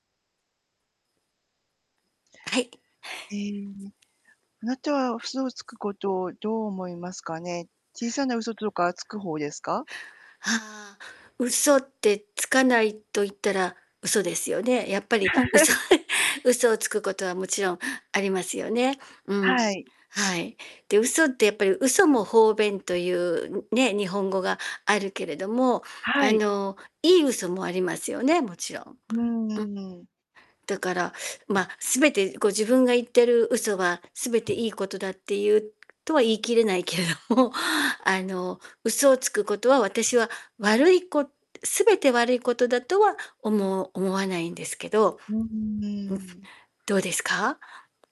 はい。ええ、あなたはそ嘘うをつでくすね。ことをどう思いますかね。小さな嘘とかつく方ですか？はあ、嘘ってつかないと言ったら嘘ですよね。やっぱり嘘 嘘をつくことはもちろんありますよね。うん。はい。はい。で、嘘ってやっぱり嘘も方便というね、日本語があるけれども、はあい。の、いい嘘もありますよね、もちろん。んうーん。うんうん。だから、ま、全てこう自分が言ってる嘘は全ていいことだっていうとは言い切れないけれども、あの、嘘をつくことは私は悪いこ全て悪いことだとは思思わないんですけど、んふ、うーん。どうですか？